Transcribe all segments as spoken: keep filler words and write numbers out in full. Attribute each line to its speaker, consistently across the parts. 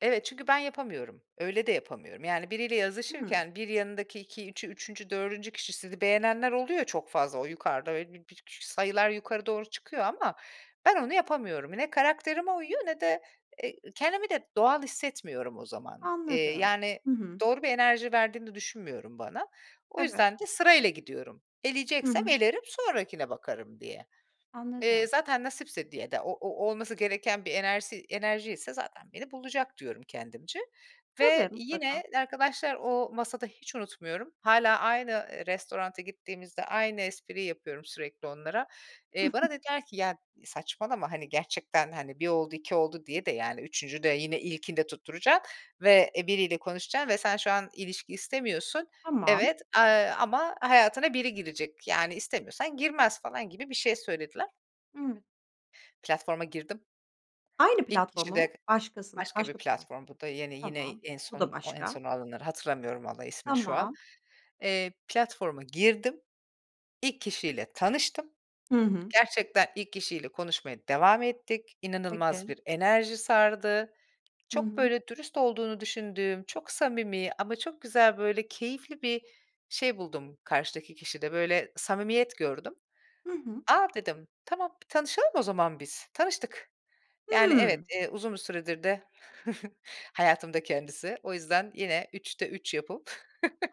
Speaker 1: Evet, çünkü ben yapamıyorum, öyle de yapamıyorum. Yani biriyle
Speaker 2: Hımm.
Speaker 1: yazışırken, bir yanındaki iki üçü üçüncü dördüncü kişi, sizi beğenenler oluyor ya çok fazla, o yukarıda, öyle, bi bir küçük sayılar yukarı doğru çıkıyor ama ben onu yapamıyorum. Ne karakterime uyuyor, ne de e kendimi de doğal hissetmiyorum o zaman. Eee,
Speaker 2: Anladım.
Speaker 1: yani
Speaker 2: Hı hı.
Speaker 1: doğru bir enerji verdiğini düşünmüyorum bana. O
Speaker 2: Evet.
Speaker 1: yüzden de sırayla gidiyorum.
Speaker 2: Hı
Speaker 1: Eleyeceksem
Speaker 2: hı.
Speaker 1: elerim, sonrakine bakarım diye. Eee,
Speaker 2: Anladım.
Speaker 1: "Zaten nasipse," diye de, o o olması gereken bir enersi enerjiyse "Zaten beni bulacak," diyorum kendimce ve
Speaker 2: Tabii. Mutlaka.
Speaker 1: yine, arkadaşlar o masada, hiç unutmuyorum hâlâ aynı, eee, restotanta gittiğimizde aynı espriyi yapıyorum sürekli onlara. Eee, bana dediler ki "Ya saçmalama, hani, gerçekten, hani, bir oldu, iki oldu diye de, yani üçüncüde yine ilkinde tutturacaksın ve, eee, biriyle konuşacaksın ve sen şu an ilişki istemiyorsun.
Speaker 2: Tamam.
Speaker 1: Evet, eee, ama hayatına biri girecek, yani istemiyorsan girmez," falan gibi bir şey söylediler.
Speaker 2: Hımm.
Speaker 1: Platforma girdim.
Speaker 2: Aynı
Speaker 1: İlk kişi
Speaker 2: platformu
Speaker 1: de
Speaker 2: mu? Başkasın
Speaker 1: Başka bir
Speaker 2: başka platform.
Speaker 1: platform, bu da yeni, yine
Speaker 2: Tamam.
Speaker 1: en
Speaker 2: Bu da
Speaker 1: son o en
Speaker 2: başka.
Speaker 1: son olanları hatırlamıyorum vallahi ismini şu an.
Speaker 2: Tamam.
Speaker 1: Eee, platforma girdim, ilk kişiyle tanıştım.
Speaker 2: Hı hı.
Speaker 1: Gerçekten ilk kişiyle konuşmaya devam ettik, inanılmaz
Speaker 2: Peki.
Speaker 1: bir enerji sardı.
Speaker 2: Hı
Speaker 1: Çok
Speaker 2: hı.
Speaker 1: böyle dürüst olduğunu düşündüğüm, çok samimi ama çok güzel böyle keyifli bir şey buldum karşıdaki kişide, böyle samimiyet gördüm.
Speaker 2: Hı hı.
Speaker 1: "A," dedim, "tamam, bir tanışalım o zaman biz," tanıştık. Yani evet,
Speaker 2: Hımm.
Speaker 1: eee, uzun bir süredir de hayatımda kendisi. O yüzden yine üçte üç yapıp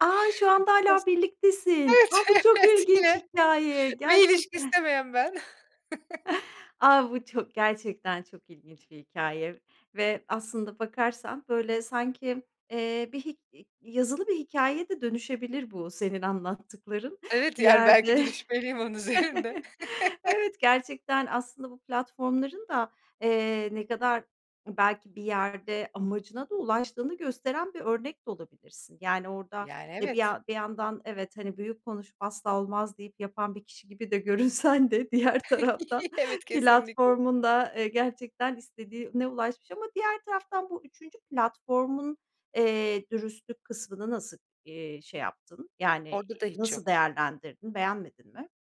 Speaker 2: A! Şu anda hâlâ
Speaker 1: [unintelligible]
Speaker 2: birliktesin.
Speaker 1: Evet,
Speaker 2: A, bu çok
Speaker 1: evet,
Speaker 2: ilginç
Speaker 1: yine
Speaker 2: hikâye
Speaker 1: ve ilişki
Speaker 2: gerçekten.
Speaker 1: istemeyen ben.
Speaker 2: A, bu çok, gerçekten çok ilginç bir hikâye ve aslında, bakarsan böyle sanki, eee, bir hi i yazılı bir hikâyeye de dönüşebilir bu senin anlattıkların,
Speaker 1: Evet,
Speaker 2: bir
Speaker 1: yani belki de
Speaker 2: yerde.
Speaker 1: dürüşmeliyim onun üzerinde.
Speaker 2: Evet, gerçekten aslında bu platformların da, eee, ne kadar belki bir yerde amacına da ulaştığını gösteren bir örnek de olabilirsin. Yani orada,
Speaker 1: Yani,
Speaker 2: e, bir
Speaker 1: evet.
Speaker 2: yan bir yandan evet, hani, büyük konuşup, "Asla olmaz," deyip yapan bir kişi gibi de görünsen de diğer taraftan
Speaker 1: Evet, kesinlikle.
Speaker 2: platformun da, eee, gerçekten istediğine ulaşmış ama diğer taraftan bu üçüncü platformun, eee, dürüstlük kısmını nasıl, eee, şey yaptın, yani
Speaker 1: Orada da
Speaker 2: i
Speaker 1: hiç
Speaker 2: nasıl
Speaker 1: yoktu.
Speaker 2: değerlendirdin, beğenmedin mi?